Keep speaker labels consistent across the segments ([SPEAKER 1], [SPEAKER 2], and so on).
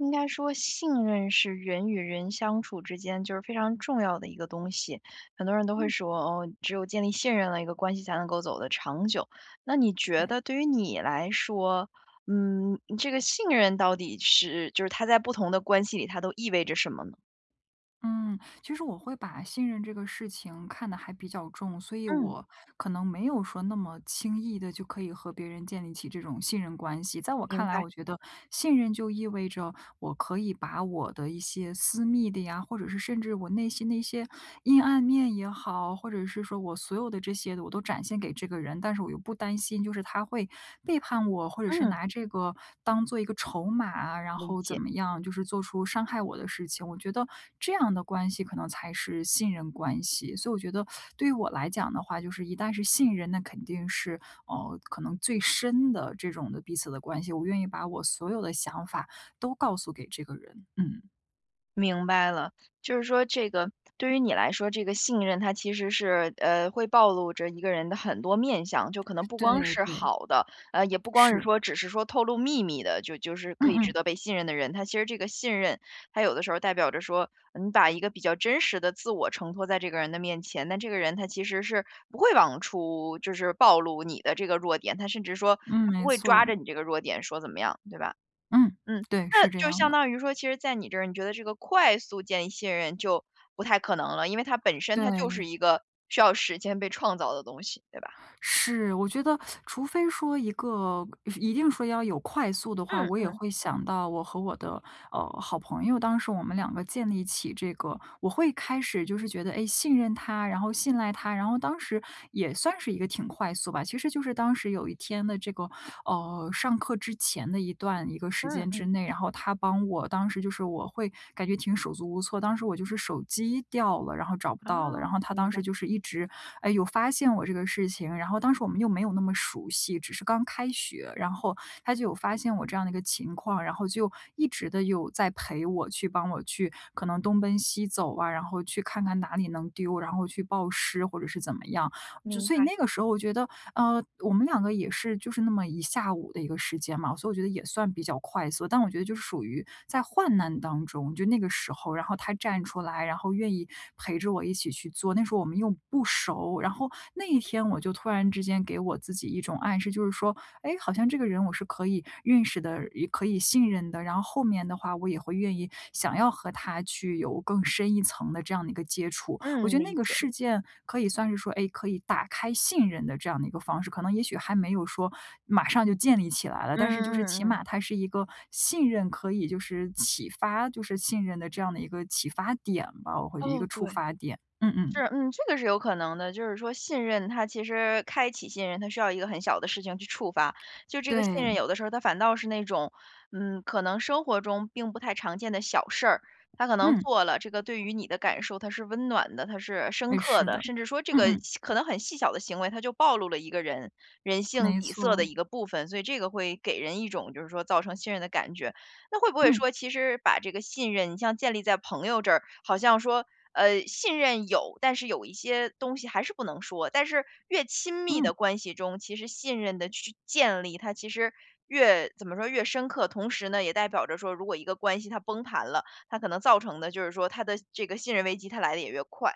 [SPEAKER 1] 应该说信任是人与人相处之间，就是非常重要的一个东西，很多人都会
[SPEAKER 2] 嗯。
[SPEAKER 1] 说，哦，只有建立信任了，一个关系才能够走的长久。那你觉
[SPEAKER 2] 对。
[SPEAKER 1] 得对于你来说，嗯，这个信任到底是，就是它在不同的关系里它都意味着什么呢？
[SPEAKER 2] 嗯，其实我会把信任这个事情看得还比较重，所以
[SPEAKER 1] 嗯。
[SPEAKER 2] 我可能没有说，那么轻易的就可以和别人建立起这种信任关系。在我
[SPEAKER 1] 明
[SPEAKER 2] 看来，
[SPEAKER 1] 白。
[SPEAKER 2] 我觉得信任就意味着，我可以把我的一些私密的呀，或者是甚至我内心的一些阴暗面也好，或者是说我所有的这些，我都展现给这个人，但是我又不担心就是他会背叛我，或者是
[SPEAKER 1] 嗯。
[SPEAKER 2] 拿这个当做一个筹码，然
[SPEAKER 1] 理
[SPEAKER 2] 后怎
[SPEAKER 1] 解。
[SPEAKER 2] 么样，就是做出伤害我的事情，我觉得这样的关系可能才是信任关系。所以我觉得对于我来讲的话，就是一旦是信任，那肯定是呃，可能最深的这种的彼此的关系，我愿意把我所有的想法都告诉给这个人，嗯。
[SPEAKER 1] 明白了，就是说这个对于你来说，这个信任它其实是，呃，会暴露着一个人的很多面向，就可能不光
[SPEAKER 2] 对，
[SPEAKER 1] 是
[SPEAKER 2] 对，
[SPEAKER 1] 好的，呃，也不光是
[SPEAKER 2] 是。
[SPEAKER 1] 说，只是说透露秘密的，就就是可
[SPEAKER 2] 嗯，
[SPEAKER 1] 以值
[SPEAKER 2] 嗯。
[SPEAKER 1] 得被信任的人。它其实这个信任它有的时候代表着说，你把一个比较真实的自我呈托在这个人的面前，那这个人他其实是不会往出就是暴露你的这个弱点，他甚至说
[SPEAKER 2] 嗯，
[SPEAKER 1] 他不
[SPEAKER 2] 没
[SPEAKER 1] 会抓
[SPEAKER 2] 错。
[SPEAKER 1] 着你这个弱点说怎么样，对吧？
[SPEAKER 2] 嗯，
[SPEAKER 1] 嗯，
[SPEAKER 2] 对，
[SPEAKER 1] 那
[SPEAKER 2] 是这
[SPEAKER 1] 就
[SPEAKER 2] 样
[SPEAKER 1] 相
[SPEAKER 2] 的。
[SPEAKER 1] 当于说其实在你这儿，你觉得这个快速建立信任，就不太可能了，因为它本身它就是
[SPEAKER 2] 对。
[SPEAKER 1] 一个需要时间被创造的东西，对吧？
[SPEAKER 2] 是，我觉得 除非说一个一定说要有快速的话，
[SPEAKER 1] 嗯，
[SPEAKER 2] 我也
[SPEAKER 1] 嗯。
[SPEAKER 2] 会想到我和我的，呃，好朋友，当时我们2个建立起这个我会开始就是觉得，哎，信任他，然后信赖他，然后当时也算是一个挺快速吧。其实就是当时有一天的这个，呃，上课之前的一段一个时
[SPEAKER 1] 嗯，
[SPEAKER 2] 间之
[SPEAKER 1] 嗯。
[SPEAKER 2] 内，然后他帮我当时就是我会感觉挺手足无措，当时我就是手机掉了，然后找不
[SPEAKER 1] 啊，
[SPEAKER 2] 到了。然后他
[SPEAKER 1] 明
[SPEAKER 2] 当
[SPEAKER 1] 白。
[SPEAKER 2] 时就是一直，哎，有发现我这个事情，然后当时我们又没有那么熟悉，只是刚开学，然后他就有发现我这样的一个情况，然后就一直的有在陪我，去帮我去可能东奔西走啊，然后去看看哪里能丢，然后去报失或者是怎么样。就
[SPEAKER 1] 明
[SPEAKER 2] 所以
[SPEAKER 1] 白。
[SPEAKER 2] 那个时候我觉得，呃，我们2个也是，就是那么一下午的一个时间嘛，所以我觉得也算比较快速，但我觉得就是属于在患难当中，就那个时候，然后他站出来，然后愿意陪着我一起去做，那时候我们又不熟，然后那一天，我就突然之间给我自己一种暗示，就是说，哎，好像这个人我是可以认识的，也可以信任的，然后后面的话，我也会愿意想要和他，去有更深一层的这样的一个接触。我
[SPEAKER 1] 嗯，
[SPEAKER 2] 觉得那
[SPEAKER 1] 理
[SPEAKER 2] 个
[SPEAKER 1] 解。
[SPEAKER 2] 事件可以算是说，哎，可以打开信任的这样的一个方式，可能也许还没有说，马上就建立起来了，
[SPEAKER 1] 嗯，
[SPEAKER 2] 但是就是
[SPEAKER 1] 嗯，
[SPEAKER 2] 起
[SPEAKER 1] 嗯，嗯。
[SPEAKER 2] 码它是一个信任可以就是启发就是信任的这样的一个启发点吧，我会觉得一
[SPEAKER 1] 哦，
[SPEAKER 2] 个触
[SPEAKER 1] 对。
[SPEAKER 2] 发点，嗯，
[SPEAKER 1] 是，
[SPEAKER 2] 嗯。
[SPEAKER 1] 嗯，这个是有可能的，就是说信任它其实开启信任，它需要一个很小的事情去触发，就是这个信任
[SPEAKER 2] 对。
[SPEAKER 1] 有的时候它反倒是那种，嗯，可能生活中并不太常见的小事儿，他可能
[SPEAKER 2] 嗯。
[SPEAKER 1] 做了，这个对于你的感受，它是温暖的，它是深
[SPEAKER 2] 哎，
[SPEAKER 1] 刻
[SPEAKER 2] 是
[SPEAKER 1] 的，
[SPEAKER 2] 的，
[SPEAKER 1] 甚至说这
[SPEAKER 2] 嗯，
[SPEAKER 1] 个
[SPEAKER 2] 嗯。
[SPEAKER 1] 可能很细小的行为，它就暴露了一个人，人性
[SPEAKER 2] 没
[SPEAKER 1] 底色的
[SPEAKER 2] 错。
[SPEAKER 1] 一个部分，所以这个会给人一种，就是说造成信任的感觉。那会不会
[SPEAKER 2] 嗯。
[SPEAKER 1] 说，其实把这个信任像建立在朋友这儿，好像说，呃，信任有，但是有一些东西还是不能说，但是越亲密
[SPEAKER 2] 嗯。
[SPEAKER 1] 的关系中，其实信任的去去建立，它其实越怎么说越深刻，同时呢，也代表着，说如果一个关系它崩盘了，它可能造成的，就是说他的这个信任危机它来得也越快。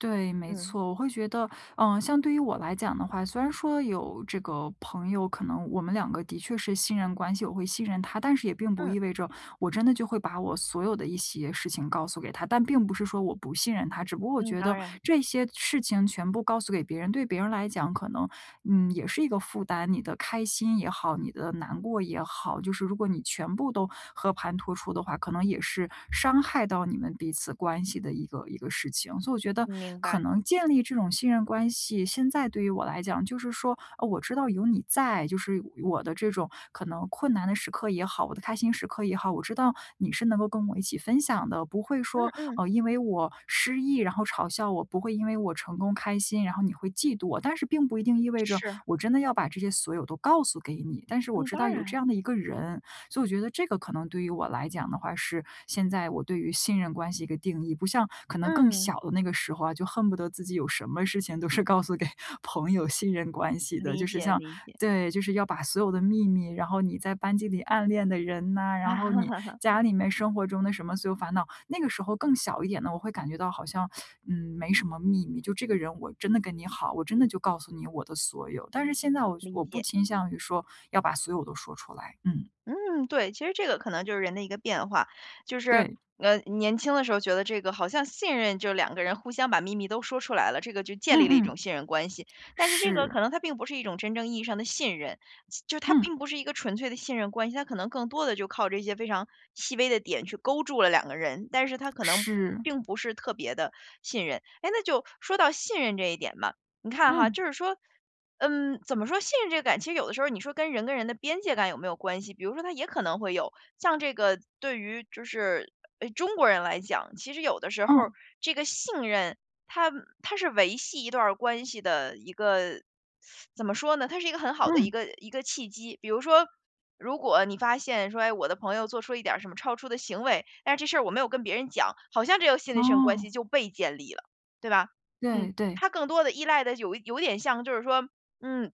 [SPEAKER 2] 对，没
[SPEAKER 1] 嗯。
[SPEAKER 2] 错，我会觉得，呃，相对于我来讲的话，虽然说有这个朋友，可能我们2个的确是信任关系，我会信任他，但是也并不
[SPEAKER 1] 嗯。
[SPEAKER 2] 意味着我真的就会把我所有的一些事情告诉给他，但并不是说我不信任他。只不过我
[SPEAKER 1] 嗯，
[SPEAKER 2] 觉
[SPEAKER 1] 当
[SPEAKER 2] 得
[SPEAKER 1] 然。
[SPEAKER 2] 这些事情全部告诉给别人，对别人来讲可能嗯也是一个负担，你的开心也好，你的难过也好，就是如果你全部都和盘托出的话，可能也是伤害到你们彼此关系的一个一个事情。所以我觉得
[SPEAKER 1] 明
[SPEAKER 2] 可
[SPEAKER 1] 白。
[SPEAKER 2] 能建立这种信任关系现在对于我来讲就是说呃我知道有你在。就是我的这种可能困难的时刻也好，我的开心时刻也好，我知道你是能够跟我一起分享的，不会
[SPEAKER 1] 嗯，
[SPEAKER 2] 说
[SPEAKER 1] 嗯。
[SPEAKER 2] 呃因为我失意，然后嘲笑我；不会因为我成功开心，然后你会嫉妒我。但是并不一定意味着
[SPEAKER 1] 是。
[SPEAKER 2] 我真的要把这些所有都告诉给你，但是我
[SPEAKER 1] 嗯，
[SPEAKER 2] 知
[SPEAKER 1] 当
[SPEAKER 2] 道有这
[SPEAKER 1] 然。
[SPEAKER 2] 样的一个人。所以我觉得这个可能对于我来讲的话是现在我对于信任关系的一个定义。不像可能更
[SPEAKER 1] 嗯。
[SPEAKER 2] 小的那个时候啊，就恨不得自己有什么事情都是告诉给朋友信任关系的，
[SPEAKER 1] 理
[SPEAKER 2] 就是
[SPEAKER 1] 解，
[SPEAKER 2] 像
[SPEAKER 1] 理解。
[SPEAKER 2] 对，就是要把所有的秘密，然后你在班级里暗恋的人啊，然后你 家里面生活中的什么所有烦恼。那个时候更小一点的，我会感觉到好像，嗯，没什么秘密，就这个人我真的跟你好，我真的就告诉你我的所有。但是现在我
[SPEAKER 1] 理
[SPEAKER 2] 我不
[SPEAKER 1] 解。
[SPEAKER 2] 倾向于说要把所有都说出来，嗯。
[SPEAKER 1] 嗯，对，其实这个可能就是人的一个变化。就是，
[SPEAKER 2] 对。
[SPEAKER 1] 呃，年轻的时候觉得这个好像信任就2个人互相把秘密都说出来了，这个就建立了一
[SPEAKER 2] 嗯，嗯。
[SPEAKER 1] 种信任关系。但是这个
[SPEAKER 2] 是。
[SPEAKER 1] 可能它并不是一种真正意义上的信任。就就它
[SPEAKER 2] 嗯。
[SPEAKER 1] 并不是一个纯粹的信任关系，它可能更多的就靠这些非常细微的点去勾住了2个人，但是它可能
[SPEAKER 2] 是。
[SPEAKER 1] 并不是特别的信任。哎，那就说到信任这一点嘛，你看哈，
[SPEAKER 2] 嗯。
[SPEAKER 1] 就是说嗯，怎么说，信任这个感，其实有的时候你说跟人跟人的边界感有没有关系？比如说他也可能会有，像这个对于，就是，哎，中国人来讲，其实有的时候儿，
[SPEAKER 2] 嗯。
[SPEAKER 1] 这个信任，它它是维系一段儿关系的一个 怎么说呢，它是一个很好的一
[SPEAKER 2] 嗯。
[SPEAKER 1] 个一个契机。比如说，如果你发现说：“哎，我的朋友做出一点儿什么超出的行为，但是这事儿我没有跟别人讲。“好像这个信任上关
[SPEAKER 2] 哦。
[SPEAKER 1] 系就被建立了，对吧，嗯，
[SPEAKER 2] 对，对。
[SPEAKER 1] 它更多的依赖的有有点像就是说，嗯，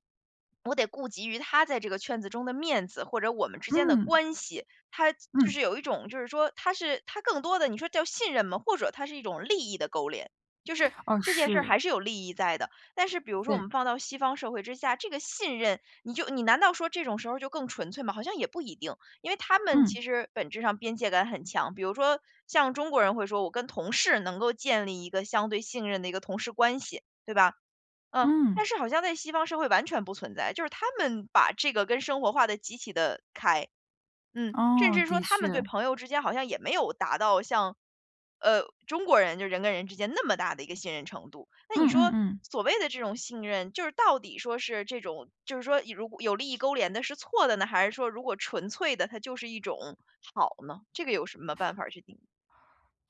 [SPEAKER 1] 我得顾及于他在这个圈子中的面子，或者我们之间的
[SPEAKER 2] 嗯。
[SPEAKER 1] 关系，它就
[SPEAKER 2] 嗯。
[SPEAKER 1] 是有一种就是说它是它更多的你说叫信任吗？或者他是一种利益的勾连。就是
[SPEAKER 2] 呃，
[SPEAKER 1] 这件事儿
[SPEAKER 2] 是。
[SPEAKER 1] 还是有利益在的，但是比如说我
[SPEAKER 2] 对。
[SPEAKER 1] 们放到西方社会之下，这个信任，你就你难道说这种时候就更纯粹吗？好像也不一定，因为他们
[SPEAKER 2] 嗯。
[SPEAKER 1] 其实本质上边界感很强。比如说，像中国人会说”我跟同事能够建立一个相对信任的一个同事关系“，对吧？嗯，
[SPEAKER 2] 嗯。
[SPEAKER 1] 但是好像在西方社会完全不存在，就是他们把这个跟生活划得极其的开。嗯，甚
[SPEAKER 2] 哦，
[SPEAKER 1] 至说
[SPEAKER 2] 的
[SPEAKER 1] 他们对
[SPEAKER 2] 确。
[SPEAKER 1] 朋友之间好像也没有达到像，呃，中国人，就是人跟人之间那么大的一个信任程度。那
[SPEAKER 2] 嗯
[SPEAKER 1] 你说
[SPEAKER 2] 嗯-嗯。
[SPEAKER 1] 所谓的这种信任，就是到底说是这种就是说如有利益勾连的是错的呢，还是说如果纯粹的它就是一种好呢？这个有什么办法儿去定义？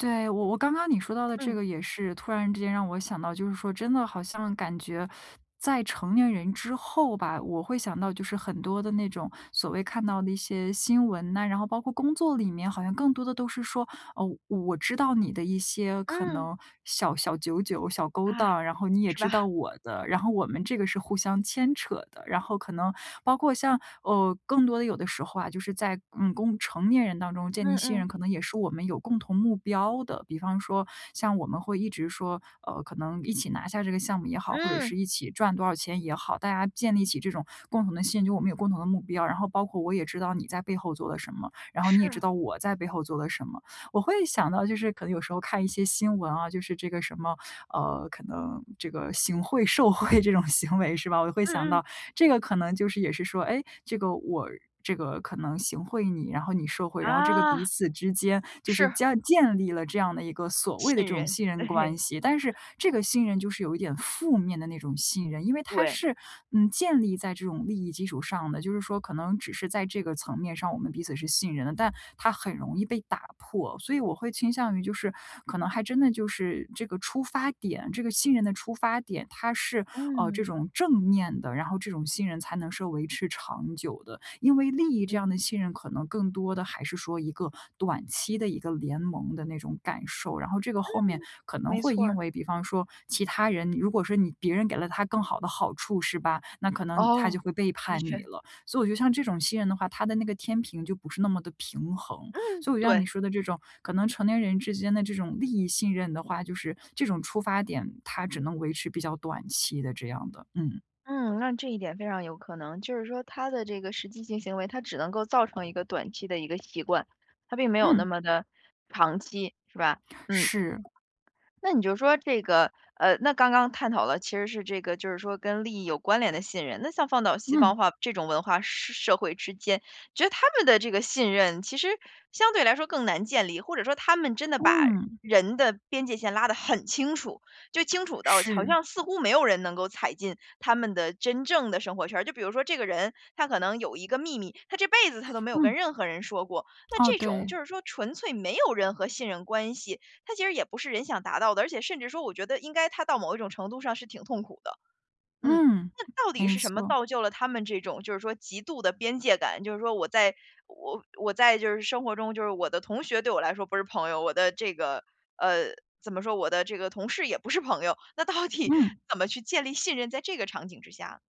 [SPEAKER 2] 对，我我刚刚你说到的这
[SPEAKER 1] 嗯。
[SPEAKER 2] 个也是突然之间让我想到，就是说真的好像感觉 在成年人之后吧，我会想到就是很多的那种所谓看到的一些新闻呐，然后包括工作里面好像更多的都是说，哦，我我知道你的一些可
[SPEAKER 1] 嗯。
[SPEAKER 2] 能小小九九小勾
[SPEAKER 1] 啊，
[SPEAKER 2] 当，然后你也
[SPEAKER 1] 是
[SPEAKER 2] 知
[SPEAKER 1] 吧？
[SPEAKER 2] 道我的，然后我们这个是互相牵扯的。然后可能包括像，呃，更多的有的时候啊，就是在，嗯，共成年人当中建立
[SPEAKER 1] 嗯，
[SPEAKER 2] 信
[SPEAKER 1] 嗯。
[SPEAKER 2] 任，可能也是我们有共同目标的。比方说像我们会一直说，呃，可能一起拿下这个项目也好，或者
[SPEAKER 1] 嗯。
[SPEAKER 2] 是一起赚多少钱也好，大家建立起这种共同的信任，就是我们有共同的目标，然后包括我也知道你在背后做了什么，然后你也知
[SPEAKER 1] 是。
[SPEAKER 2] 道我在背后做了什么。我会想到就是可能有时候看一些新闻啊，就是这个什么，呃，可能这个行贿受贿这种行为是吧，我会想
[SPEAKER 1] 嗯，嗯。
[SPEAKER 2] 到这个可能就是也是说，哎，这个，我这个可能行贿你，然后你受贿，然后这个彼
[SPEAKER 1] 啊，
[SPEAKER 2] 此之间就是
[SPEAKER 1] 是。
[SPEAKER 2] 建建立了这样的一个所谓的
[SPEAKER 1] 信
[SPEAKER 2] 这种
[SPEAKER 1] 任，
[SPEAKER 2] 信任关
[SPEAKER 1] 对。
[SPEAKER 2] 系。但是这个信任就是有一点负面的那种信任，因为它
[SPEAKER 1] 对。
[SPEAKER 2] 是，嗯，建立在这种利益基础上的，就是说可能只是在这个层面上，我们彼此是信任的，但它很容易被打破。所以我会倾向于就是可能还真的就是这个出发点，这个信任的出发点，它是，呃，这
[SPEAKER 1] 嗯。
[SPEAKER 2] 种正面的，然后这种信任才能是维持长久的，因为利益这样
[SPEAKER 1] 嗯。
[SPEAKER 2] 的信任可能更多的还是说一个短期的一个联盟的那种感受。然后这个后面
[SPEAKER 1] 嗯，
[SPEAKER 2] 可能
[SPEAKER 1] 没
[SPEAKER 2] 会
[SPEAKER 1] 错
[SPEAKER 2] 因
[SPEAKER 1] 儿。
[SPEAKER 2] 为比方说其他人，如果说你别人给了他更好的好处是吧，那可能他
[SPEAKER 1] 哦，
[SPEAKER 2] 就会背
[SPEAKER 1] 的
[SPEAKER 2] 叛你
[SPEAKER 1] 确。
[SPEAKER 2] 了。所以我觉得像这种信任的话，他的那个天平就不是那么的平衡。
[SPEAKER 1] 嗯，
[SPEAKER 2] 所以我觉得像你
[SPEAKER 1] 对。
[SPEAKER 2] 说的这种可能成年人之间的这种利益信任的话，就是这种出发点，他只能维持比较短期的这样的，嗯。
[SPEAKER 1] 嗯，那这一点非常有可能，就是说他的这个实际性行为它只能够造成一个短期的一个习惯，他并没有
[SPEAKER 2] 嗯。
[SPEAKER 1] 那么的长期是吧？嗯，
[SPEAKER 2] 是。
[SPEAKER 1] 那你就说这个，呃，那刚刚探讨的其实是这个，就是说，跟利益有关联的信任，那像放到西
[SPEAKER 2] 嗯。
[SPEAKER 1] 方化这种文化社社会之间，觉得他们的这个信任，其实相对来说更难建立，或者说他们真的把
[SPEAKER 2] 嗯。
[SPEAKER 1] 人的边界线拉得很清楚，就清楚到好
[SPEAKER 2] 是。
[SPEAKER 1] 像似乎没有人能够踩进他们的真正的生活圈儿。就比如说这个人，他可能有一个秘密，他这辈子他都没有跟
[SPEAKER 2] 嗯。
[SPEAKER 1] 任何人说过，那
[SPEAKER 2] 哦，
[SPEAKER 1] 这种
[SPEAKER 2] 对。
[SPEAKER 1] 就是说纯粹没有任何信任关系。它其实也不是人想达到的，而且甚至说我觉得应该他到某一种程度上是挺痛苦的。嗯，
[SPEAKER 2] 嗯，
[SPEAKER 1] 那到底
[SPEAKER 2] 没
[SPEAKER 1] 是什么
[SPEAKER 2] 错。
[SPEAKER 1] 造就了他们这种就是说极度的边界感，就是说我在我我在就是生活中就是我的同学对我来说不是朋友，我的这个，呃，怎么说，我的这个同事也不是朋友，那到底
[SPEAKER 2] 嗯。
[SPEAKER 1] 怎么去建立信任，在这个场景之下？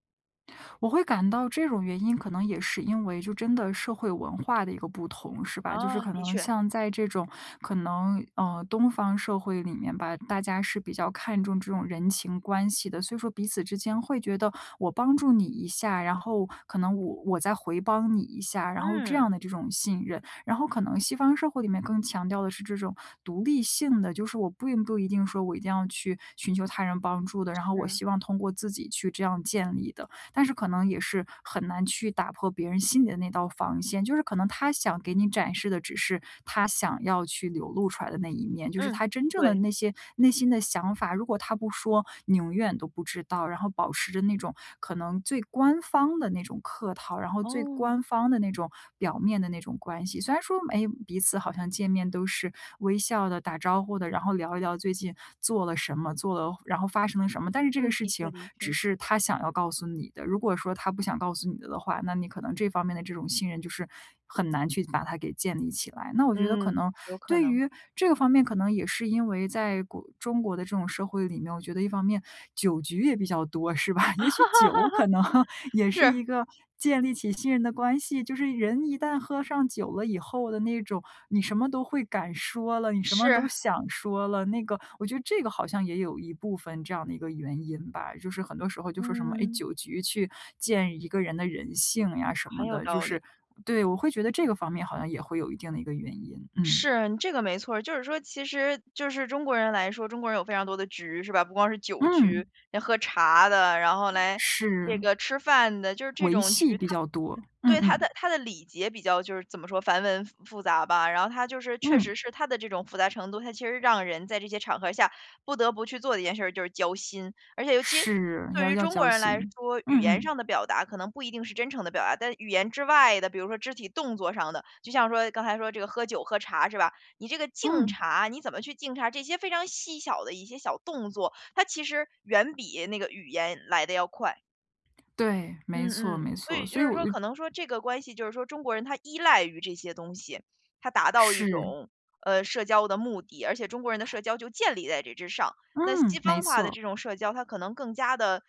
[SPEAKER 2] 我会感到这种原因，可能也是因为就真的社会文化的一个不同，是吧？就是
[SPEAKER 1] 啊，
[SPEAKER 2] 可
[SPEAKER 1] 的
[SPEAKER 2] 能
[SPEAKER 1] 确。
[SPEAKER 2] 像在这种，可能，呃，东方社会里面吧，大家是比较看重这种人情关系的，所以说彼此之间会觉得我帮助你一下，然后可能我我再回帮你一下，然后这
[SPEAKER 1] 嗯。
[SPEAKER 2] 样的这种信任。然后可能西方社会里面，更强调的是这种独立性的，就是我并不一定说我一定要去寻求他人帮助的，然后
[SPEAKER 1] 是
[SPEAKER 2] 我
[SPEAKER 1] 啊。
[SPEAKER 2] 希望通过自己去这样建立的，但是可能也是，很难去打破别人心里的那道防线，就是可能他想给你展示的，只是他想要去流露出来的那一面，就是
[SPEAKER 1] 嗯，
[SPEAKER 2] 他真正的
[SPEAKER 1] 对。
[SPEAKER 2] 那些内心的想法，如果他不说你永远都不知道，然后保持着那种可能最官方的那种客套，然后最
[SPEAKER 1] 哦。
[SPEAKER 2] 官方的那种表面的那种关系。虽然说，哎，彼此好像见面都是微笑的、打招呼的，然后聊一聊最近做了什么，做了然后发生了什么，但是这个
[SPEAKER 1] 嗯，
[SPEAKER 2] 事
[SPEAKER 1] 的确，
[SPEAKER 2] 情
[SPEAKER 1] 的
[SPEAKER 2] 只
[SPEAKER 1] 确。
[SPEAKER 2] 是他想要告诉你的，如果说他不想告诉你的话，那你可能这方面的这种信任，就是很难去把它给建立起来。那我觉得可
[SPEAKER 1] 嗯，
[SPEAKER 2] 能
[SPEAKER 1] 有可
[SPEAKER 2] 对
[SPEAKER 1] 能。
[SPEAKER 2] 于这个方面，可能也是因为在国中国的这种社会里面，我觉得一方面酒局也比较多是吧？也许酒可能 也是一
[SPEAKER 1] 是。
[SPEAKER 2] 个建立起信任的关系，就是人一旦喝上酒了以后的那种，你什么都会敢说了，你什么都
[SPEAKER 1] 是。
[SPEAKER 2] 想说了。那个，我觉得这个好像也有一部分，这样的一个原因吧，就是很多时候就说什么，哎，
[SPEAKER 1] 嗯。
[SPEAKER 2] 酒局去见一个人的人性呀什么
[SPEAKER 1] 很有
[SPEAKER 2] 的，就
[SPEAKER 1] 道理。
[SPEAKER 2] 是对，我会觉得这个方面，好像也会有一定的一个原因，嗯。
[SPEAKER 1] 是，这个没错儿，就是说其实就是中国人来说，中国人有非常多的局，是吧？不光是酒局，
[SPEAKER 2] 嗯。
[SPEAKER 1] 喝茶的，然后来这
[SPEAKER 2] 是。
[SPEAKER 1] 个吃饭的，就是这
[SPEAKER 2] 维
[SPEAKER 1] 种
[SPEAKER 2] 系
[SPEAKER 1] 局，它
[SPEAKER 2] 比较多，嗯，
[SPEAKER 1] 对，它
[SPEAKER 2] 嗯。
[SPEAKER 1] 的它的礼节比较就是怎么说，繁文复杂吧，然后它就是确
[SPEAKER 2] 嗯。
[SPEAKER 1] 实是它的这种复杂程度，它其实是让人在这些场合下，不得不去做的一件事儿就是交心。而且尤其
[SPEAKER 2] 是，
[SPEAKER 1] 对
[SPEAKER 2] 要
[SPEAKER 1] 于
[SPEAKER 2] 要
[SPEAKER 1] 中国
[SPEAKER 2] 交
[SPEAKER 1] 人
[SPEAKER 2] 心，
[SPEAKER 1] 来说，
[SPEAKER 2] 嗯，
[SPEAKER 1] 语言
[SPEAKER 2] 嗯。
[SPEAKER 1] 上的表达可能不一定是真诚的表达，但语言之外的，比如说肢体动作上的，就像说刚才说这个喝酒、喝茶是吧，你这个敬
[SPEAKER 2] 嗯。
[SPEAKER 1] 茶，你怎么去敬茶，这些非常细小的一些小动作，它其实远比那个语言来的要快。
[SPEAKER 2] 对，没
[SPEAKER 1] 嗯，
[SPEAKER 2] 错，
[SPEAKER 1] 嗯。
[SPEAKER 2] 没
[SPEAKER 1] 所
[SPEAKER 2] 错，
[SPEAKER 1] 以
[SPEAKER 2] 所
[SPEAKER 1] 就
[SPEAKER 2] 以
[SPEAKER 1] 是
[SPEAKER 2] 我
[SPEAKER 1] 说
[SPEAKER 2] 就
[SPEAKER 1] 可能说这个关系就是说，中国人他依赖于这些东西，他达到一
[SPEAKER 2] 是。
[SPEAKER 1] 种，呃，社交的目的，而且中国人的社交就建立在这之上。那
[SPEAKER 2] 嗯，
[SPEAKER 1] 西
[SPEAKER 2] 没
[SPEAKER 1] 方化的
[SPEAKER 2] 错。
[SPEAKER 1] 这种社交它可能更加的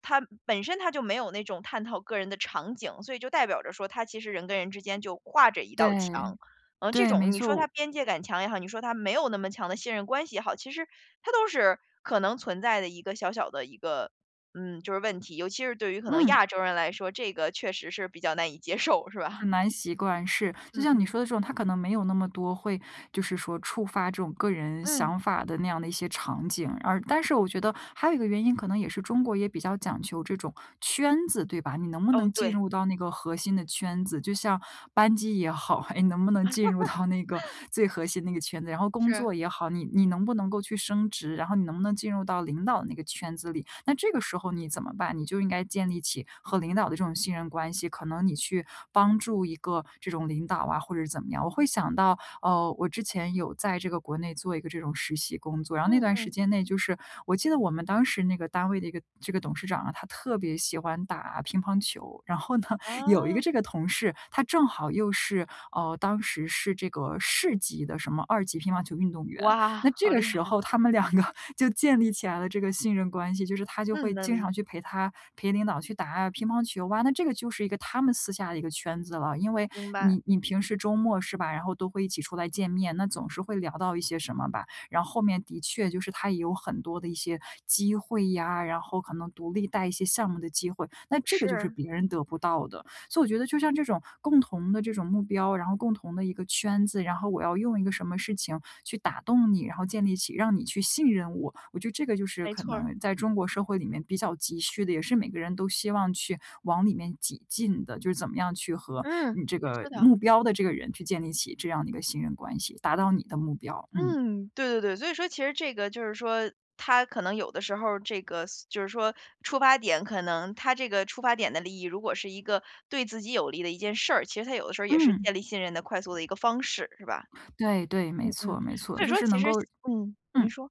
[SPEAKER 1] 它本身它就没有那种探讨个人的场景。所以就代表着说它其实人跟人之间就挂着一
[SPEAKER 2] 对，
[SPEAKER 1] 道墙。嗯，这
[SPEAKER 2] 对。没
[SPEAKER 1] 种你
[SPEAKER 2] 错
[SPEAKER 1] 说它
[SPEAKER 2] 我
[SPEAKER 1] 边界感强也好，你说它没有那么强的信任关系也好，其实它都是可能存在的一个小小的一个，嗯，就是问题，尤其是对于可能
[SPEAKER 2] 嗯。
[SPEAKER 1] 亚洲人来说，这个确实是比较难以接受，是吧？
[SPEAKER 2] 很难习惯，是。就
[SPEAKER 1] 嗯，
[SPEAKER 2] 像你
[SPEAKER 1] 嗯。
[SPEAKER 2] 说的这种，他可能没有那么多会就是说触发这种个人
[SPEAKER 1] 嗯。
[SPEAKER 2] 想法的那样的一些场景，而但是我觉得还有一个原因，可能也是中国也比较讲究这种圈子，对吧？你能不
[SPEAKER 1] 哦，
[SPEAKER 2] 能进
[SPEAKER 1] 对。
[SPEAKER 2] 入到那个核心的圈子，就像班级也好，哎，能不能
[SPEAKER 1] 啊。
[SPEAKER 2] 进入到那个 最核心那个圈子，然后工
[SPEAKER 1] 是。
[SPEAKER 2] 作也好，你你能不能够去升职，然后你能不能进入到领导的那个圈子里，那这个时候你怎么办？你就应该建立起和领导的这种信任关系。可能你去帮助一个这种领导啊，或者是怎么样。我会想到，呃，我之前有在这个国内做一个这种实习工作，然后那
[SPEAKER 1] 嗯，
[SPEAKER 2] 段时
[SPEAKER 1] 嗯。
[SPEAKER 2] 间内就是，我记得我们当时那个单位的一个这个董事长啊，他特别喜欢打乒乓球，然后呢，有一个
[SPEAKER 1] 啊。
[SPEAKER 2] 这个同事，他正好又是，呃，当时是这个市级的什么2级乒乓球运动员。
[SPEAKER 1] 哇，
[SPEAKER 2] 那这
[SPEAKER 1] 好
[SPEAKER 2] 个
[SPEAKER 1] 厉
[SPEAKER 2] 时
[SPEAKER 1] 害。
[SPEAKER 2] 候他们2个就建立起来了这个信任关系，就是他就
[SPEAKER 1] 嗯，
[SPEAKER 2] 会
[SPEAKER 1] 能
[SPEAKER 2] 经
[SPEAKER 1] 理
[SPEAKER 2] 常去
[SPEAKER 1] 解。
[SPEAKER 2] 陪他陪领导去打啊乒乓球啊，那这个就是一个他们私下的一个圈子了。因为
[SPEAKER 1] 明白。
[SPEAKER 2] 你你平时周末是吧，然后都会一起出来见面，那总是会聊到一些什么吧？然后面的确就是他也有很多的一些机会呀，然后可能独立带一些项目的机会，那这个就是
[SPEAKER 1] 是。
[SPEAKER 2] 别人得不到的。所以我觉得就像这种共同的这种目标，然后共同的一个圈子，然后我要用一个什么事情去打动你，然后建立起让你去信任我，我觉得这个就是
[SPEAKER 1] 没
[SPEAKER 2] 可
[SPEAKER 1] 错儿。
[SPEAKER 2] 能在中国社会里面比较急需的，也是每个人都希望去往里面挤进的。就是怎么样去和
[SPEAKER 1] 嗯，
[SPEAKER 2] 你这
[SPEAKER 1] 是
[SPEAKER 2] 个
[SPEAKER 1] 的。
[SPEAKER 2] 目标的这个人去建立起这样的一个信任关系，达到你的目标，嗯。
[SPEAKER 1] 嗯，对对对，所以说其实这个就是说，他可能有的时候这个嘶就是说出发点可能他这个出发点的利益，如果是一个对自己有利的一件事儿，其实他有的时候也是
[SPEAKER 2] 嗯。
[SPEAKER 1] 建立信任的快速的一个方式，是吧？
[SPEAKER 2] 对，对，没
[SPEAKER 1] 嗯，嗯，
[SPEAKER 2] 错，没错。
[SPEAKER 1] 所以
[SPEAKER 2] 就
[SPEAKER 1] 说
[SPEAKER 2] 是
[SPEAKER 1] 其
[SPEAKER 2] 能
[SPEAKER 1] 实
[SPEAKER 2] 够
[SPEAKER 1] 嗯，您
[SPEAKER 2] 嗯。
[SPEAKER 1] 说。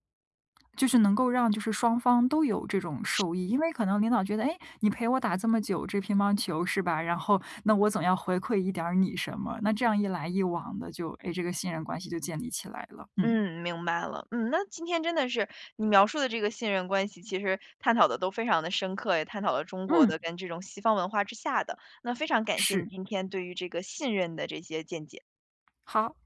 [SPEAKER 2] 就是能够让就是双方都有这种
[SPEAKER 1] 是。
[SPEAKER 2] 受益，因为可能领导觉得-哎？你陪我打 这么久，这乒乓球是吧？然后那我总要回馈一点儿你什么，那这样一来一往的就，哎，这个信任关系就建立起来了。嗯。
[SPEAKER 1] 嗯，明白了，嗯。那今天真的是，你描述的这个信任关系其实探讨的都非常的深刻，也探讨了中国
[SPEAKER 2] 嗯。
[SPEAKER 1] 的跟这种西方文化之下的。那非常感谢你
[SPEAKER 2] 是。
[SPEAKER 1] 今天对于这个信任的这些见解。
[SPEAKER 2] 好。